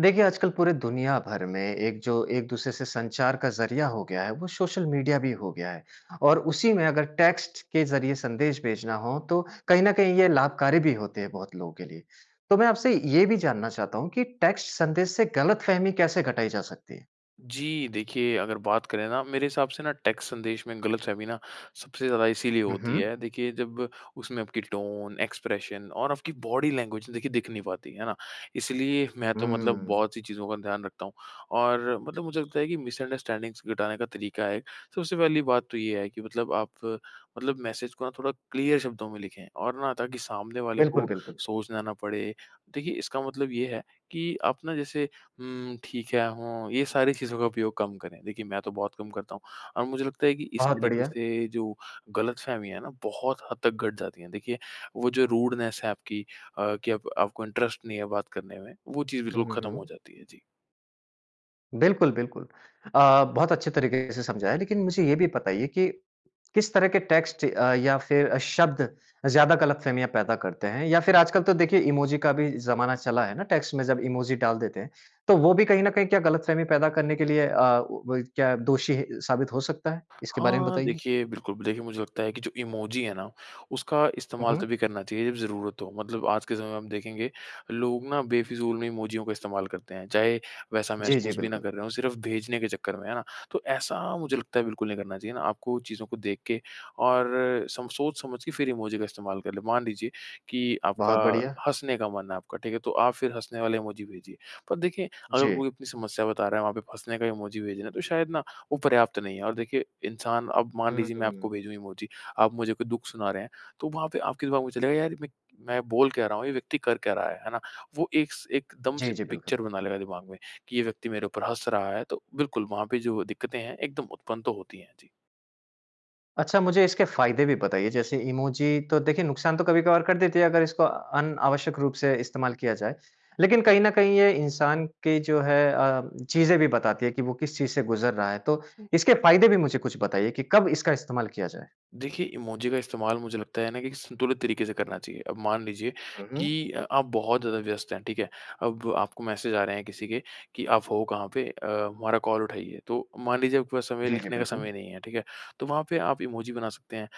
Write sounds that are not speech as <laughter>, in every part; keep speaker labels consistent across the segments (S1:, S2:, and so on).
S1: देखिए, आजकल पूरे दुनिया भर में एक जो एक-दूसरे से संचार का ज़रिया हो गया है, वो सोशल मीडिया भी हो गया है, और उसी में अगर टेक्स्ट के ज़रिये संदेश भेजना हो, तो कहीं न कहीं ये लाभकारी भी होते हैं बहुत लोगों के लिए। तो मैं आपसे ये भी जानना चाहता हूँ कि टेक्स्ट संदेश से गलतफ़हमी कैसे घटाई जा सकती है?
S2: जी देखिए, अगर बात करें ना, मेरे हिसाब से ना टेक्स्ट संदेश में गलतफ़हमी ना सबसे ज़्यादा इसीलिए
S1: हुँ,
S2: होती
S1: हुँ।
S2: है, देखिए जब उसमें आपकी टोन, एक्सप्रेशन और आपकी बॉडी लैंग्वेज देखिए दिख नहीं पाती, है ना? इसलिए मैं तो मतलब
S1: हुँ।
S2: बहुत-सी चीजों का ध्यान रखता हूँ। और मतलब मुझे लगता है कि मिसअंडरस्टैंडिंग्स घटाने का तरीका है एक। सबसे पहली बात तो ये है कि मतलब आप मतलब मैसेज को ना थोड़ा क्लियर शब्दों में लिखें और ना ताकि सामने वाले
S1: बिल्कुल,
S2: को
S1: बिल्कुल।
S2: सोचना ना पड़े। देखिए, इसका मतलब ये है कि आप ना जैसे हुँ, ठीक है, हों, ये सारी चीज़ों का उपयोग कम करें। देखिए, मैं तो बहुत कम करता हूँ और मुझे लगता है कि इस
S1: बहुत
S2: तरीके
S1: बढ़िया।
S2: से जो गलतफ़हमी है ना, बहुत हद तक घट जाती है। देखिए, वो जो रूडनेस है आपकी अ, कि अब आपको इंटरेस्ट नहीं है बात करने में, वो चीज़
S1: हुँ,
S2: बिल्कुल
S1: हुँ,
S2: खत्म हो
S1: हुँ।
S2: जाती है। जी।
S1: बिल्कुल, बिल्कुल। अ, बहुत अच्छे तरीके से समझाया है लेकिन मुझे ये भी बताइए कि किस तरह के टेक्स्ट अ, या फिर अ, शब्द ज़्यादा गलतफ़हमियाँ पैदा करते हैं या फिर आजकल तो देखिए, इमोजी का भी ज़माना चला है ना टेक्स्ट में, जब इमोजी डाल देते हैं। तो वो भी कहीं न कहीं क्या गलतफ़हमी पैदा करने के लिए अ, वो वही क्या दोषी ही साबित हो सकता है? इसके बारे में
S2: हाँ,
S1: बताइए।
S2: देखिए, बिल्कुल बिल देखिए मुझे लगता है कि जो इमोजी है ना, उसका
S1: हुँ,
S2: इस्तेमाल
S1: हुँ।
S2: तभी करना चाहिए जब ज़रूरत हो। मतलब आज के समय में हम देखेंगे, लोग ना बेफ़िज़ूल में इमोजियों का इस्तेमाल करते हैं। चाहे वैसा
S1: जी, जी,
S2: महसूस भी ना
S1: बिल्कुल।
S2: कर रहे हों, सिर्फ़ भेजने के चक्कर में, है ना? तो ऐसा मुझे लगता है बिल्कुल नहीं करना चाहिए ना, आपको चीज़ों को देख के और सम सोच समझ के फिर इमोजी का इस्तेमाल कर लें। मान लीजिए कि आपका
S1: बहुत बढ़िया।
S2: हँसने का मन है आपका, ठीक है? तो आप फ़िर हँसने वाले इमोजी भेजिए। पर देखें, अगर
S1: जी।
S2: कोई अपनी समस्या बता रहा है, वहाँ पे आप हँसने का इमोजी भेज रहे हैं तो शायद ना वो पर्याप्त नहीं है। और देखिए इंसान अब मान
S1: हुँ,
S2: लीजिए मैं आपको
S1: हुँ।
S2: भेजूँ इमोजी, आप मुझे कोई दुख सुना रहे हैं, तो वहाँ पे आपके दिमाग में चलेगा, "यार, ये मैं मैं बोल क्या रहा हूँ, ये व्यक्ति कर क्या रहा है?" है ना? वो एक स एकदम
S1: जी,
S2: से
S1: जी, बिल्कुल।
S2: पिक्चर बना लेगा दिमाग में कि, "ये व्यक्ति मेरे ऊपर हँस रहा है।" तो बिल्कुल, वहाँ पे जो दिक्कतें हैं, एकदम उत्पन्न तो होती हैं। जी।
S1: अच्छा, मुझे इसके फ़ायदे भी बताइये जैसे इमोजी तो देखिए, नुकसान तो कभी-कभार कर देती हैं अगर, इसको अनावश्यक रूप से इस्तेमाल किया जाए। लेकिन कहीं न कहीं ये इंसान के जो है अ, चीज़ें भी बताती है कि वो किस चीज़ से गुज़र रहा है। तो, इसके फ़ायदे भी मुझे कुछ बताइए कि कब इसका इस्तेमाल किया जाए?
S2: देखिए, इमोजी का इस्तेमाल मुझे लगता है ना कि संतुलित तरीके से करना चाहिए। अब मान लीजिए
S1: हुँ, हुँ।
S2: कि अ, आप बहुत ज़्यादा व्यस्त हैं। ठीक है? अब आपको मैसेज आ रहे हैं किसी के कि, "आप हो कहाँ पे? अ, हमारा कॉल उठाइए।" तो मान लीजिए आपके पास समय
S1: जी, जी।
S2: लिखने का
S1: बिल्कुल।
S2: समय नहीं है। ठीक है? तो वहाँ पे आप इमोजी बना सकते हैं।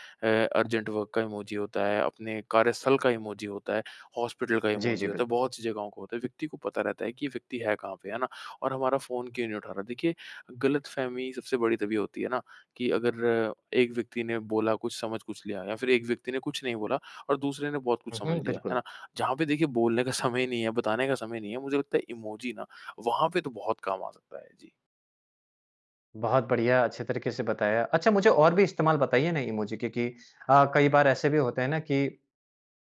S2: अ, अर्जेंट वर्क का इमोजी होता है, अपने कार्यस्थल का इमोजी होता है, हॉस्पिटल का
S1: जी,
S2: इमोजी
S1: जी।
S2: होता है,
S1: बिल्कुल।
S2: बहुत-सी जगहों का होता है व्यक्ति को पता रहता है कि यह व्यक्ति है कहाँ पे, है ना? और हमारा फ़ोन क्यों नहीं उठा रहा है। देखिए, ग़लतफ़हमी सबसे बड़ी तभी होती है ना कि अगर एक व्यक्ति ने बोला, कुछ समझ कुछ लिया या फिर एक व्यक्ति ने कुछ नहीं बोला और दूसरे ने बहुत
S1: हुँ,
S2: कुछ
S1: हुँ।
S2: समझ लिया। है
S1: बिल्कुल।
S2: ना? जहाँ पे देखिए, बोलने का समय नहीं है, बताने का समय नहीं है मुझे लगता है इमोजी ना वहाँ पे तो बहुत काम आ सकता है। जी।
S1: बहुत बढ़िया, अच्छे तरीके से बताया। अच्छा मुझे और भी इस्तेमाल बताइए ना इमोजी के कि अ, कई बार ऐसे भी होते हैं ना कि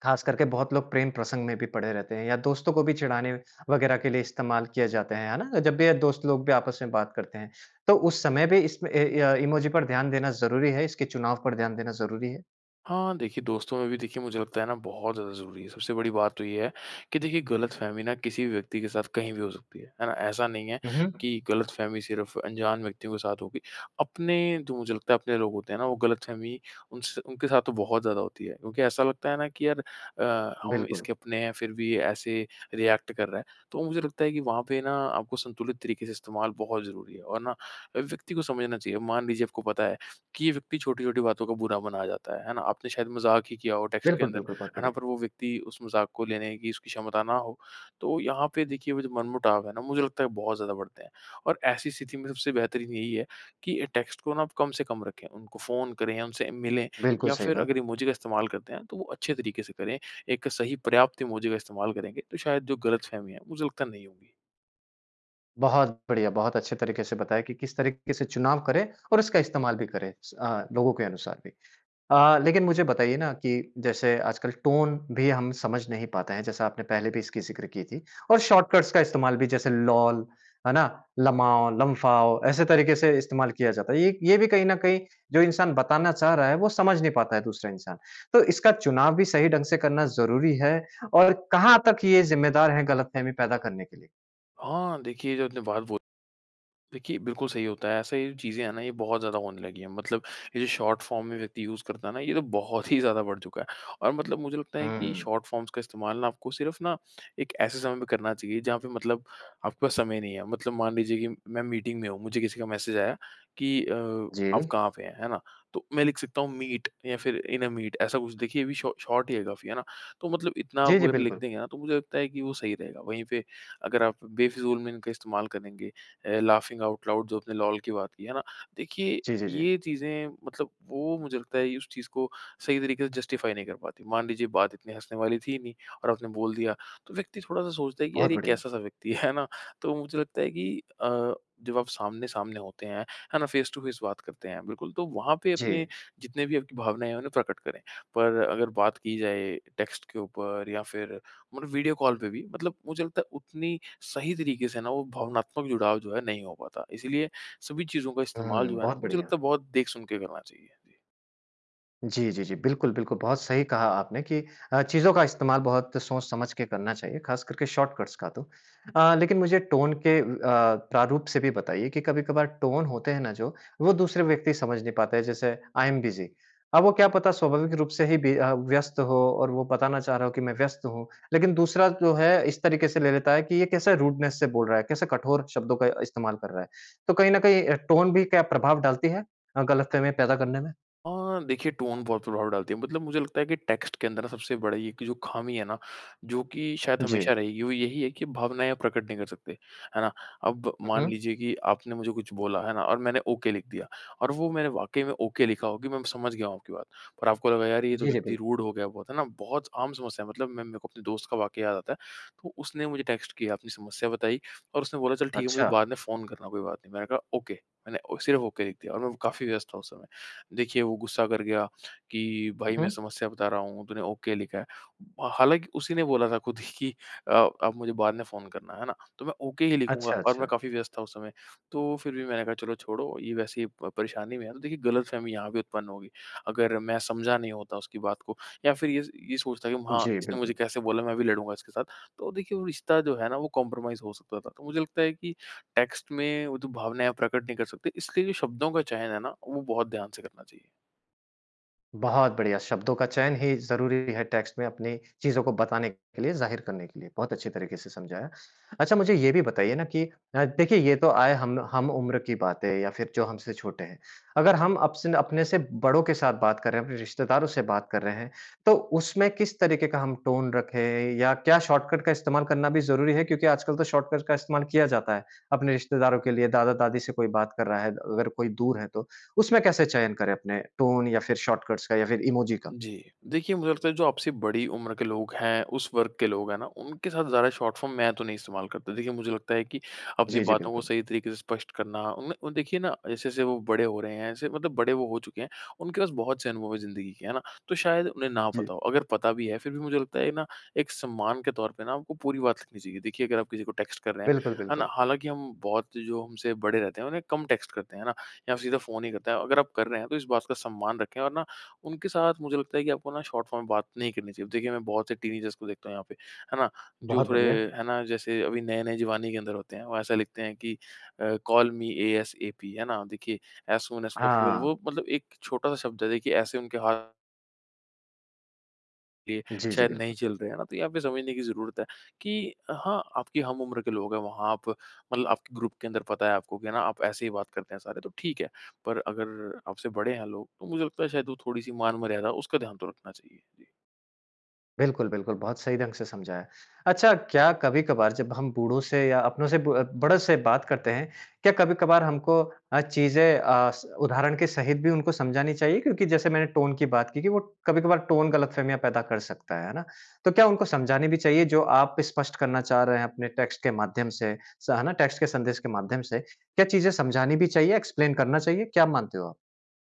S1: खास करके बहुत लोग प्रेम-प्रसंग में भी पड़े रहते हैं या दोस्तों को भी चिढ़ाने वग़ैरह के लिए इस्तेमाल किये जाते हैं, है ना? जब भी दोस्त लोग भी आपस में बात करते हैं। तो उस समय भी इसमें ए, य इमोजी पर ध्यान देना ज़रूरी है? इसके चुनाव पर ध्यान देना ज़रूरी है?
S2: हाँ देखिए दोस्तों में भी देखिए मुझे लगता है ना बहुत ज़्यादा ज़रूरी है। सबसे बड़ी बात तो ये है कि देखिए गलतफ़हमी ना किसी भी व्यक्ति के साथ कहीं भी हो सकती है, है ना? ऐसा नहीं है
S1: हुँ, हुँ।
S2: कि गलतफ़हमी सिर्फ़ अनजान व्यक्तियों के साथ होगी। अपने तो मुझे लगता है अपने लोग होते हैं ना वो गलतफ़हमी उनसे उनके साथ तो बहुत ज़्यादा होती है क्योंकि ऐसा लगता है ना कि यार अ, हम
S1: बिल्कुल।
S2: इसके अपने हैं फ़िर भी ऐसे रिएक्ट कर रहा हैं। तो मुझे लगता है कि वहाँ पे ना आपको संतुलित तरीके से इस्तेमाल बहुत ज़रूरी है और ना व्यक्ति को समझना चाहिए। मान लीजिए आपको पता है कि ये व्यक्ति छोटी-छोटी बातों का बुरा मना जाता है। है ना? आपने शायद मज़ाक ही किया हो टेक्स्ट के
S1: बिल्कुल,
S2: अंदर,
S1: बिल्कुल। बहुत
S2: है ना?
S1: बढ़िया!
S2: पर वो व्यक्ति उस मज़ाक को लेने की उसकी क्षमता ना हो। तो यहाँ पे देखिए वो जो मनमुटाव है ना, मुझे लगता है बहुत ज़्यादा बढ़ते हैं। और ऐसी स्थिति में सबसे बेहतरीन यही है कि अ, टेक्स्ट को ना आप कम से कम रखें। उनको फ़ोन करें या उनसे मिले
S1: बिल्कुल
S2: या
S1: सही
S2: फ़िर
S1: बात।
S2: अगर इमोजी का इस्तेमाल करते हैं तो वो अच्छे तरीके से करें। एक सही पर्याप्त इमोजी का इस्तेमाल करेंगे तो शायद जो गलतफ़हमी है मुझे लगता नहीं होगी।
S1: बहुत बढ़िया, बहुत अच्छे तरीके से बताया कि किस तरीके से चुनाव करें और इसका इस्तेमाल भी करें स, अ, लोगों के अनुसार भी। अ, लेकिन मुझे बताइए ना कि जैसे आजकल टोन भी हम समझ नहीं पाते हैं, जैसे आपने पहले भी इसकी ज़िक्र की थी और शॉर्टकट्स का इस्तेमाल भी जैसे लोल, है ना? लमाओ, लम्फाओ ऐसे तरीके से इस्तेमाल किया जाता है। ये ये भी कहीं ना कहीं जो इंसान बताना चाह रहा है, वो समझ नहीं पाता है दूसरा इंसान। तो इसका चुनाव भी सही ढंग से करना ज़रूरी है और कहाँ तक ये ज़िम्मेदार है गलतफ़हमी पैदा करने के लिए?
S2: हाँ देखिए, जो आपने बात बोल देखिए, बिल्कुल सही होता है, ऐसे ही चीज़ नहीं बहुत ज्यादा होने लगीं हैं। मतलब ये जो शॉर्ट फॉर्म में व्यक्ति यूज़ करता है ना, ये तो बहुत ही ज़्यादा बढ़ चुका है। और मतलब मुझे लगता है कि
S1: हुँ।
S2: शॉर्ट फॉर्म्स का इस्तेमाल ना आपको सिर्फ ना एक ऐसे समय में करना चाहिए, जहाँ पे मतलब आपके पास समय नहीं है। मतलब मान लीजिए कि मैं मीटिंग में हूँ, मुझे किसी का मैसेज आया कि अ, आप
S1: जी।
S2: कहाँ पे हैं, हैं ना? तो मैं लिख सकता हूँ, मीट या फिर इन अ मीट, ऐसा कुछ। देखिए ये भी शॉ शॉर्ट ही है काफ़ी, हैं ना? तो मतलब इतना
S1: जी,
S2: आप
S1: जी,
S2: अगर लिख
S1: बिल्कुल।
S2: देंगे ना, तो मुझे लगता है कि वो सही रहेगा। वहीं पे अगर आप बेफिज़ूल में इनका इस्तेमाल करेंगे। अ, लाफिंग आउट लाउड्स जो आपने लोल की बात की। हैं ना? देखिए
S1: जी, जी, जी।
S2: ये चीज़े मतलब वो मुझे लगता है, उस चीज़ को सही तरीके से जस्टिफाई नहीं कर पाती। मान लीजिए बात इतनी हँसने वाली थी नहीं, और आपने बोल दिया। तो व्यक्ति थोड़ा-सा सोचता है कि अरे!
S1: बहुत
S2: ये
S1: बढ़िया।
S2: कैसा-सा व्यक्ति है, है ना? तो मुझे लगता है कि अ, जब आप सामने-सामने होते हैं, हैं ना? फ़ेस टू फ़ेस बात करते हैं, बिल्कुल तो वहाँ पे अपने,
S1: जी।
S2: जितने भी आपकी भावनाएँ हैं, उन्हें प्रकट करें। पर अगर बात की जाए, टेक्स्ट के ऊपर या फ़िर वीडियो कॉल पे भी, मतलब मुझे लगता है, उतनी सही तरीके से ना वो भावनात्मक जुड़ाव जो है, नहीं हो पाता। इसलिए सभी चीजों का इस्तेमाल
S1: हुँ,
S2: जो है ना?
S1: बहुत
S2: मुझे
S1: बढ़िया।
S2: लगता है बहुत देख-सुन के करना चाहिए।
S1: जी, जी, जी। बिल्कुल, बिल्कुल बहुत सही कहा आपने कि अ, चीज़ों का इस्तेमाल बहुत सोच समझ के करना चाहिए। ख़ास करके शॉर्टकट्स का तो। अ, लेकिन मुझे टोन के अ, प्रारूप से भी बताइए कि कभी-कभार टोन होते हैं ना जो, वो दूसरे व्यक्ति समझ नहीं पाते हैं जैसे आई एम बिज़ी। अब वो क्या पता स्वाभाविक रूप से ही बी अ, व्यस्त हो और वो बताना चाह रहा हो कि मैं व्यस्त हूँ। लेकिन दूसरा जो है इस तरीके से ले लेता है कि ये कैसे रूडनेस से बोल रहा है, कैसे कठोर शब्दों का इस्तेमाल कर रहा है। तो कहीं न कहीं अ, टोन भी क्या प्रभाव डालती है? अ, गलतफ़हमियाँ पैदा करने में?
S2: अ, देखिए टोन बहुत प्रभाव डालती है। मतलब मुझे लगता है कि टेक्स्ट के अंदर सबसे बड़ा ये है कि जो ख़ामी है ना जो कि शायद
S1: जी।
S2: हमेशा रहेगी, वो यही है कि भावनाएँ आप प्रकट नहीं कर सकते। है ना? अब
S1: हुँ,
S2: मान
S1: हुँ।
S2: लीजिए कि आपने मुझे कुछ बोला, है ना? और मैंने ओके लिख दिया और वो मैंने वाक़ई में ओके लिखा हो कि मैं समझ गया हूँ आपकी बात। पर आपको लगा, "यार, ये तो
S1: जी, जी।
S2: व्यक्ति
S1: बिल
S2: रूड हो गया बहुत।" है ना? बहुत आम समस्या है। मतलब मैं मैं को अपने दोस्त का वाक़या याद आता है। तो उसने मुझे टेक्स्ट किया अपनी समस्या बताई और उसने बोला, "चल ठीक है, मुझे बाद
S1: अच्छा।
S2: में फ़ोन करना कोई बात नहीं।" मैंने कहा, "ओके।" मैंने सिर्फ़ ओके लिख दिया और मैं काफ़ी व्यस्त था उस समय। देखिए वो गुस्सा कर गया कि,
S1: हुँ,
S2: "भई मैं
S1: हुँ।
S2: समस्या बता रहा हूँ। तूने ओके लिखा है।" हालाँकि उसी ने बोला था खुद ही कि, "अ, आप मुझे बाद में फ़ोन करना।" है ना? तो मैं ओके ही
S1: अच्छा,
S2: लिखूँगा और मैं
S1: अच्छा।
S2: काफी व्यस्त था उस समय। तो फिर भी मैंने कहा, "चलो छोड़ो, ये वैसे ही प परेशानी में है।" तो देखिए गलतफ़हमी यहाँ पे उत्पन्न होगी। अगर मैं समझा नहीं होता उसकी बात को या फिर ये स ये सोचता कि, "हाँ,
S1: जी,
S2: इसने मुझे
S1: बिल्कुल।
S2: कैसे बोला? मैं भी लड़ूँगा इसके साथ।" तो देखिए वो रिश्ता जो है ना वो कंप्रोमाइज़ हो सकता था। तो मुझे लगता है कि टेक्स्ट में वो जो भावनाएँ आप प्रकट नहीं कर सकते। इसलिए जो शब्दों का चयन है ना वो बहुत ध्यान से करना चाहिए।
S1: बहुत बढ़िया, शब्दों का चयन ही ज़रूरी है टेक्स्ट में अपनी चीज़ों को बताने के लिए, ज़ाहिर करने के लिए, बहुत अच्छी तरीके से समझाया। अच्छा, मुझे ये भी बताइए ना कि अ, देखिए ये तो आये हम हम-उम्र की बातें हैं या फिर जो हमसे छोटे हैं। अगर हम अब से ना अपने से बड़ों के साथ बात कर रहे हैं, अपने रिश्तेदारों से बात कर रहे हैं, तो उसमें किस तरीके का हम टोन रखें या क्या शॉर्टकट का इस्तेमाल करना भी ज़रूरी है? क्योंकि आजकल तो शॉर्टकट का इस्तेमाल किया जाता है। अपने रिश्तेदारों के लिए, दादा-दादी से कोई बात कर रहा है, अगर कोई दूर है तो, उसमें कैसे चयन करें अपने टोन या फिर शॉर्टकट्स का या फिर इमोजी का?
S2: जी। देखिए, मुझे लगता है जो आपसे बड़ी उम्र के लोग हैं, उस वर्ग के लोग है ना, उनके साथ ज़्यादा शॉर्ट फ़ॉर्म मैं तो नहीं इस्तेमाल करता। देखिए, मुझे लगता है कि अपनी
S1: जी, जी,
S2: बातों को
S1: बिल्कुल।
S2: सही तरीके से स्पष्ट करना उनमें और देखिए ना, जैसे-जैसे वो बड़े हो रहे हैं ऐसे मतलब बड़े वो हो चुके हैं। उनके पास बहुत से अनुभव है ज़िंदगी के, है ना? तो शायद उन्हें ना पता
S1: जी।
S2: हो। अगर पता भी है फिर भी मुझे लगता है ना, एक सम्मान के तौर पे ना आपको पूरी बात लिखनी चाहिए। देखिए, अगर आप किसी को टेक्स्ट कर रहे हैं।
S1: बिल्कुल,
S2: है ना?
S1: बिल्कुल।
S2: हालाँकि हम बहुत जो हमसे बड़े रहते हैं उन्हें कम टेक्स्ट करते हैं, है ना? या फिर सीधा फ़ोन ही करते हैं। अगर आप कर रहे हैं, तो इस बात का सम्मान रखें और ना, उनके साथ मुझे लगता है कि आपको ना शॉर्ट फॉर्म में बात नहीं करनी चाहिए। देखिए, मैं बहुत से टीनेजर्स को देखता हूँ यहाँ पे, है ना? जो
S1: बहुत
S2: थोड़े
S1: बढ़िया।
S2: है ना, जैसे अभी नए-नए जवानी के अंदर होते हैं, वो ऐसा लिखते हैं कि अ, कॉल मी एएसएपी, है ना? देखिए ऐज़ सून ऐज़ पॉसिबल।
S1: हाँ।
S2: वो मतलब एक छोटा-सा शब्द है, देखिए ऐसे उनके हा ये
S1: जी, जी,
S2: शायद नहीं
S1: बिल्कुल।
S2: चल रहे है ना, तो यहाँ पे समझने की ज़रूरत है कि हाँ, आपकी हम उम्र के लोग हैं, वहाँ आप मतलब आपके ग्रुप के अंदर पता है आपको कि है ना, आप ऐसे ही बात करते हैं सारे, तो ठीक है। पर अगर आपसे बड़े हैं लोग, तो मुझे लगता है शायद वो थोड़ी-सी मान-मर्यादा उसका ध्यान तो रखना चाहिए। जी।
S1: बिल्कुल, बिल्कुल, बहुत सही ढंग से समझाया। अच्छा, क्या कभी-कभार जब हम बूढ़ों से या अपनों से, ब बड़ों से बात करते हैं, क्या कभी-कभार हमको अ, चीज़ें अ, स उदाहरण के सहित भी उनको समझानी चाहिए? क्योंकि जैसे मैंने टोन की बात की कि वो कभी-कभार टोन गलतफ़हमियाँ पैदा कर सकता है, है ना? तो क्या उनको समझानी भी चाहिए, जो आप स्पष्ट करना चाह रहे हैं अपने टेक्स्ट के माध्यम से, स है ना, टेक्स्ट के संदेश के माध्यम से? क्या चीज़ें समझानी भी चाहिए, एक्सप्लेन करना चाहिए? क्या मानते हो आप?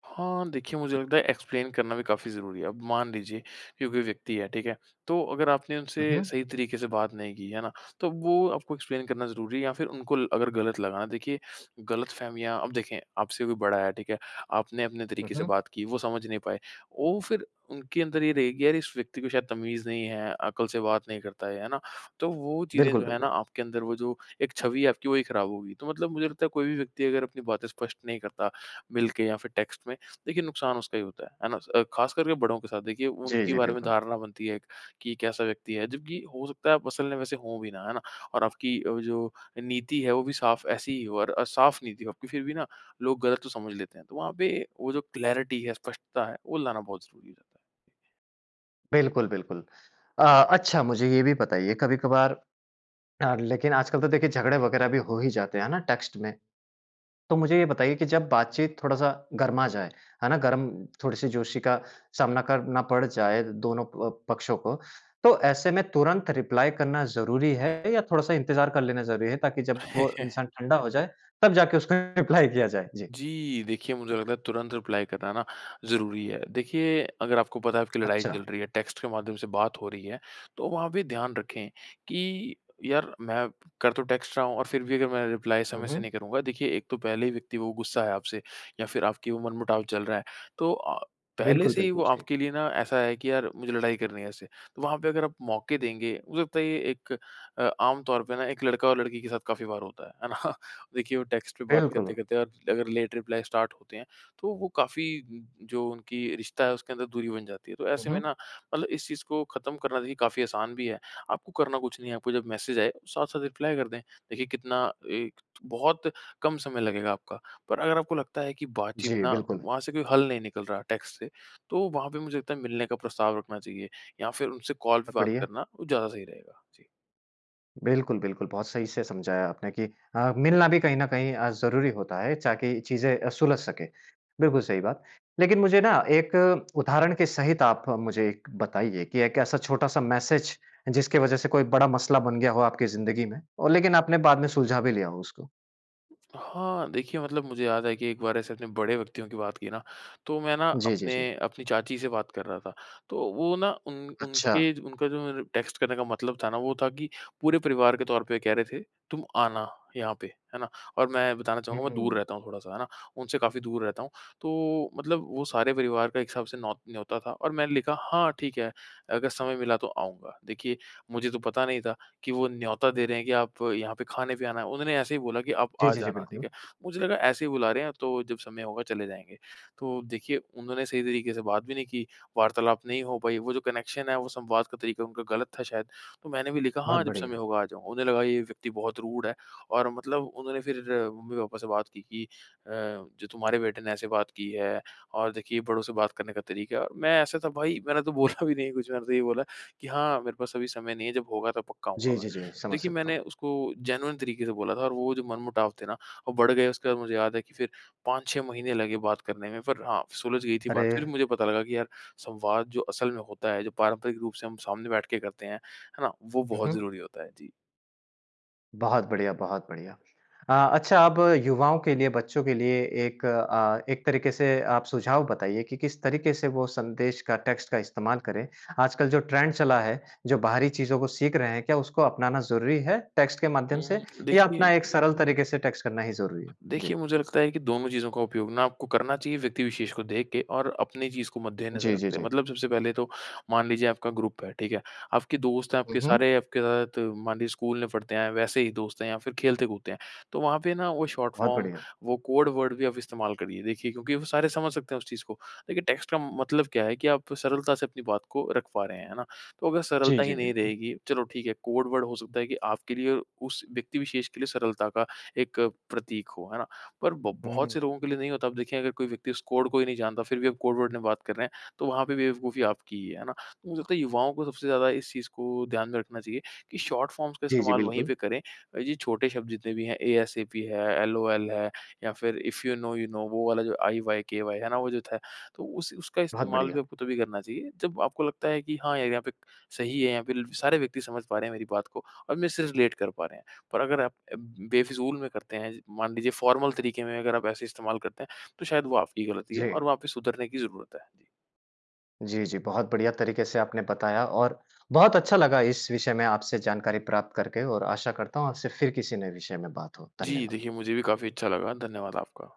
S2: हाँ, देखिए, मुझे लगता है एक्सप्लेन करना भी काफ़ी ज़रूरी है। अब मान लीजिए कि कोई व्यक्ति है, ठीक है? तो अगर आपने उनसे
S1: हुँ, हुँ।
S2: सही तरीके से बात नहीं की, है ना? तो वो आपको एक्सप्लेन करना ज़रूरी है या फिर उनको ल अगर गलत लगा ना देखिए, गलतफहमियाँ अब देखें, आपसे कोई बड़ा है, ठीक है? आपने अपने
S1: हुँ,
S2: तरीके से
S1: हुँ।
S2: बात की, वो समझ नहीं पाए। वो फिर उनके अंदर ये रहेगी, "यार, इस व्यक्ति को शायद तमीज़ नहीं है, अकल से बात नहीं करता है।" है ना? तो वो चीज़ें
S1: बिल्कुल,
S2: जो है ना,
S1: बिल्कुल।
S2: आपके अंदर वो जो एक छवि है आपकी, वही खराब होगी। तो मतलब मुझे लगता है कोई भी व्यक्ति अगर अपनी बातें स्पष्ट नहीं करता मिलके या फिर टेक्स्ट में, देखिए नुकसान उसका ही होता है, है ना? स अ, खास करके बड़ों के साथ। देखिए,
S1: जी,
S2: उनके
S1: जी,
S2: बारे में
S1: बिल्कुल।
S2: धारणा बनती है एक कि, "कैसा व्यक्ति है?" जबकि हो सकता है आप असल में वैसे हों भी ना, है ना? और आपकी वो जो अ, नीति है, वो भी साफ़ ऐसी ही हो और अ, साफ़ नीति हो आपकी फिर भी ना लोग गलत तो समझ लेते हैं। तो वहाँ पे वो जो क्लैरिटी है, स्पष्टता है, वो लाना बहुत ज़रूरी रहता है।
S1: बिल्कुल, बिल्कुल। अ, अच्छा, मुझे ये भी बताइए, कभी-कभार आग लेकिन आजकल तो देखिए झगड़े वगैरह भी हो ही जाते हैं, है ना, टेक्स्ट में। तो मुझे ये बताइए कि जब बातचीत थोड़ा-सा गरमा जाए, है ना? गर्म थोड़ी-सी जोशी का सामना करना पड़ जाए दोनों अ, पक्षों को, तो ऐसे में तुरंत रिप्लाई करना ज़रूरी है या थोड़ा-सा इंतज़ार कर लेना ज़रूरी है, ताकि जब वो
S2: <chuckles>
S1: इंसान ठंडा हो जाए, तब जाके उसको रिप्लाई किया जाए। जी।
S2: जी, देखिए मुझे लगता है, तुरंत रिप्लाई कराना ना ज़रूरी है। देखिए, अगर आपको पता है आपकी लड़ाई चल
S1: अच्छा।
S2: रही है, टेक्स्ट के माध्यम से बात हो रही है, तो वहाँ पे ध्यान रखें कि यार! मैं कर तो टेक्स्ट रहा हूँ, और फिर भी अगर मैं रिप्लाई
S1: हुँ,
S2: समय से नहीं
S1: हुँ।
S2: करूँगा। देखिए, एक तो पहले ही व्यक्ति वो गुस्सा है आपसे या फिर आपकी वो मनमुटाव चल रहा है। तो अ, पहले
S1: बिल्कुल,
S2: से ही वो
S1: बिल्कुल सही।
S2: आपके लिए ना ऐसा है कि यार! मुझे लड़ाई करनी है उससे। वहाँ पे अगर आप मौके देंगे, हो सकता है ये एक आम तौर पे ना एक लड़का और लड़की के साथ काफ़ी बार होता है। है ना? देखिए, वो टेक्स्ट पे बात
S1: बिल्कुल।
S2: करते-करते आप अगर लेट रिप्लाई स्टार्ट होते हैं, तो वो काफ़ी म, जो उनकी रिश्ता है उसके अंदर दूरी बन जाती है। तो
S1: हुँ,
S2: ऐसे में
S1: हुँ।
S2: ना मतलब इस चीज़ को खत्म करना चाहिए। काफ़ी आसान भी है। आपको करना कुछ नहीं है। आपको जब मैसेज आए, साथ-साथ रिप्लाई कर दें। देखिए, कितना एक <unintelligible> बहुत कम समय लगेगा आपका। पर अगर आपको लगता है कि बातचीत
S1: जी,
S2: ना
S1: बिल्कुल।
S2: वहाँ से कोई हल नहीं निकल रहा है टेक्स्ट से, तो वहाँ पे मुझे लगता है मिलने का प्रस्ताव रखना चाहिए या फिर उनसे कॉल पे
S1: सब
S2: बात
S1: बढ़िया।
S2: करना, वो ज़्यादा सही रहेगा। जी।
S1: बिल्कुल, बिल्कुल। बहुत सही से समझाया आपने कि अ, मिलना भी कहीं न कहीं अ, ज़रूरी होता है ताकि चीज़ें अ, सुलझ सकें, बिल्कुल सही बात। लेकिन मुझे ना एक उदाहरण के सहित आप मुझे एक बताइए कि एक ऐसा छोटा-सा मैसेज जिसकी वजह से कोई बड़ा मसला बन गया हो आपकी ज़िन्दगी में, और लेकिन आपने बाद में सुलझा भी लिया हो उसको।
S2: हाँ। देखिए, मतलब मुझे याद है कि एक बार ऐसे अपने बड़े व्यक्तियों की बात की ना, तो मैं ना
S1: जी, जी,
S2: अपने
S1: जी।
S2: अपनी चाची से बात कर रहा था। तो वो ना उन
S1: अच्छा।
S2: उनके ज उनका जो मतलब टेक्स्ट करने का मतलब था ना, वो था कि पूरे परिवार के तौर पे ये कह रहे थे, "तुम आना यहाँ पे", है ना। और मैं बताना
S1: हुँ,
S2: चाहूँगा मैं दूर
S1: हुँ।
S2: रहता हूँ थोड़ा-सा, है ना, उनसे काफ़ी दूर रहता हूँ। तो मतलब वो सारे परिवार का एक हिसाब से नौ न्योता था, और मैंने लिखा, "हाँ, ठीक है, अगर समय मिला तो आऊँगा"। देखिए मुझे तो पता नहीं था कि वो न्योता दे रहे हैं कि, "आप यहाँ पे खाने पे आना है", उन्होंने ऐसे ही बोला कि, "आप
S1: जी,
S2: आ
S1: जी, जी।
S2: जाना", ठीक
S1: बिल्कुल।
S2: है। मुझे लगा ऐसे ही बुला रहे हैं, तो जब समय होगा चले जाएँगे। तो देखिए उन्होंने सही तरीके से बात भी नहीं की, वार्तालाप नहीं हो पाई, वो जो कनेक्शन है, वो संवाद का तरीका उनका ग़लत था शायद। तो मैंने भी लिखा,
S1: बहुत
S2: "हाँ, जब समय
S1: बढ़िया।
S2: होगा आ जाऊँगा"। उन्हें लगा ये व्यक्ति बहुत रूड है, और मतलब उन्होंने फिर मम्मी-पापा से बात की कि अ, "जो तुम्हारे बेटे ने ऐसे बात की है, और देखिए बड़ों से बात करने का तरीका"। मैं ऐसा था भाई मैंने तो बोला भी नहीं कुछ, मैंने तो यही बोला कि, "हाँ, मेरे पास अभी समय नहीं है, जब होगा तो पक्का आऊँगा
S1: जी, जी, जी।
S2: मैं"।
S1: समझ
S2: देखिए,
S1: सकता
S2: मैंने
S1: हूँ।
S2: उसको जेनुइन तरीके से बोला था, और वो जो मनमुटाव थे ना वो बढ़ गए, उसके बाद मुझे याद है कि फिर 5-6 महीने लगे बात करने में, पर हाँ, सुलझ गई थी
S1: अरे!
S2: बात। फिर मुझे पता लगा कि यार संवाद जो असल में होता है, जो पारंपरिक रूप से हम सामने बैठ के करते हैं, है ना, वो
S1: हुँ,
S2: बहुत
S1: हुँ।
S2: ज़रूरी होता है। जी।
S1: बहुत बढ़िया, बहुत बढ़िया। अ, अच्छा अब युवाओं के लिए, बच्चों के लिए एक अ, एक तरीके से आप सुझाव बताइए कि किस तरीके से वो संदेश का टेक्स्ट का इस्तेमाल करें। आजकल जो ट्रेंड चला है, जो बाहरी चीज़ों को सीख रहे हैं, क्या उसको अपनाना ज़रूरी है टेक्स्ट के
S2: उ
S1: माध्यम से
S2: हुँ,
S1: या
S2: देखिए।
S1: अपना एक सरल तरीके से टेक्स्ट करना ही ज़रूरी है? जी।
S2: देखिए मुझे लगता है कि दोनों चीज़ों का उपयोग ना आपको करना चाहिए व्यक्ति विशेष को देख के और अपनी चीज़ को मद्देनज़र
S1: जी, जी,
S2: रखते हैं।
S1: जी।
S2: मतलब सबसे पहले तो मान लीजिए आपका ग्रुप है। ठीक है, आपके दोस्त हैं
S1: हुँ,
S2: आपके
S1: हुँ।
S2: सारे आपके साथ मान लीजिए स्कूल में पढ़ते हैं वैसे ही दोस्त हैं या फिर खेलते कूदते हैं। तो वहाँ पे ना वो शॉर्ट
S1: बहुत
S2: फ़ॉर्म
S1: बढ़िया।
S2: वो कोड वर्ड भी आप इस्तेमाल करिए। देखिए क्योंकि वो सारे समझ सकते हैं उस चीज़ को। देखिए टेक्स्ट का मतलब क्या है कि आप सरलता से अपनी अपनी बात को रख पा रहे हैं। है ना? तो अगर
S1: जी,
S2: सरलता ही
S1: जी।
S2: नहीं
S1: बिल्कुल।
S2: रहेगी, चलो ठीक है कोड वर्ड हो सकता है कि आपके लिए उस व्यक्ति विशेष के लिए सरलता का एक प्रतीक हो। है ना? पर ब
S1: हुँ,
S2: बहुत
S1: हुँ।
S2: से लोगों के लिए नहीं होता। अब देखिए अगर कोई व्यक्ति उस कोड को ही नहीं जानता फिर भी आप कोड वर्ड में बात कर रहे हैं तो वहाँ पे भी बेवकूफ़ी आपकी ही है। है ना? तो मुझे लगता है युवाओं को सबसे ज़्यादा इस चीज़ को ध्यान में रखना चाहिए कि शॉर्ट फ़ॉर्म्स का
S1: जी, जी।
S2: इस्तेमाल वहीं
S1: बिल्कुल।
S2: पे करें। ये छोटे शब्द जितने। एएसएपी है एलओएल या फिर if you know you know वो वाला जो आईवायकेवाय है ना वो जो था। तो उस उसका
S1: बहुत
S2: इस्तेमाल भी
S1: बढ़िया।
S2: आपको तभी करना चाहिए जब आपको लगता है कि हाँ यार यहाँ पे सही है यहाँ पे सारे व्यक्ति समझ पा रहे हैं मेरी बात को और मेरे से रिलेट कर पा रहे हैं। पर अगर आप बेफ़िज़ूल में करते हैं मान लीजिए फ़ॉर्मल तरीके में अगर आप ऐसे इस्तेमाल करते हैं तो शायद वो आपकी गलती है
S1: जी।
S2: और वहाँ पे सुधरने की ज़रूरत है। जी।
S1: जी, जी। बहुत बढ़िया तरीके से आपने बताया और बहुत अच्छा लगा इस विषय में आपसे जानकारी प्राप्त करके और आशा करता हूँ आपसे फिर किसी नए विषय में बात हो।
S2: जी।
S1: धन्यवाद।
S2: देखिए मुझे भी काफ़ी अच्छा लगा। धन्यवाद आपका।